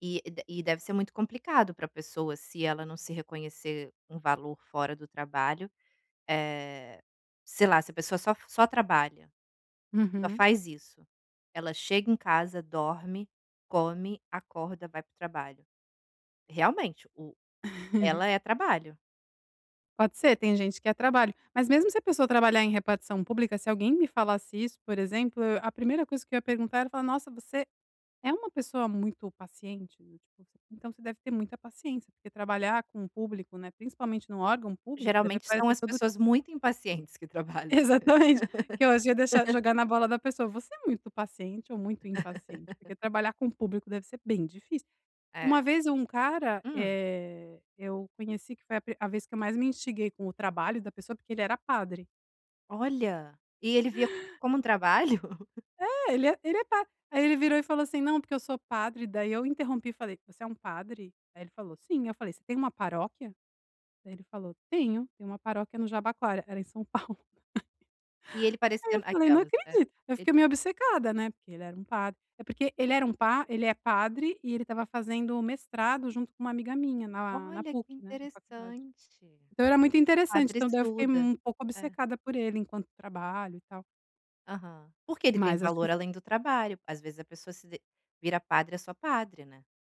E de e deve ser muito complicado pra pessoa, se ela não se reconhecer um valor fora do trabalho. Eh, sei lá, se a pessoa só f só trabalha, só Uhum. faz isso, ela chega em casa, dorme, come, acorda, vai para o trabalho. Realmente, o ela é trabalho. Pode ser, tem gente que é trabalho, mas mesmo se a pessoa trabalhar em repartição pública, se alguém me falasse isso, por exemplo, eu a primeira coisa que eu ia perguntar, era falar: "Nossa, você é uma pessoa muito paciente do tipo, você então, você deve ter muita paciência porque trabalhar com público, né, principalmente num órgão público, deve Geralmente são aparecer as todo pessoas tipo". muito impacientes que trabalham. Exatamente. Que eu acho ia deixar jogar na bola da pessoa. "Você é muito paciente ou muito impaciente? Porque trabalhar com público deve ser bem difícil!". Uma É. vez, e um cara, Hum? eh, eu conheci, que foi a a vez que eu mais me instiguei com o trabalho da pessoa, porque ele era padre. Olha! E ele via como um trabalho? É, ele é ele é padre. Aí, ele virou e falou assim: "Não, porque eu sou padre". Daí eu interrompi e falei: "Você é um padre?". Aí, ele falou: "Sim". Eu falei: "Você tem uma paróquia?". Daí, ele falou: "Tenho tenho uma paróquia no Jabaquara". Era em São Paulo. E ele Aí, eu parecendo falei: "Não aquelas, né. acredito". Eu E fiquei meio obcecada, né, porque ele era um padre. Eh, porque ele era um pa ele é padre e ele estava fazendo mestrado junto com uma amiga minha na a na Olha, que PUC, né, na faculdade. interessante! O Então, era muito interessante. padre Então, daí eu fiquei estuda. um pouco É. obcecada por ele enquanto trabalho e tal. Aham. Porque ele tem Mas acho que valor fo além do trabalho. Às vezes, a pessoa se de vira padre, é só padre, né?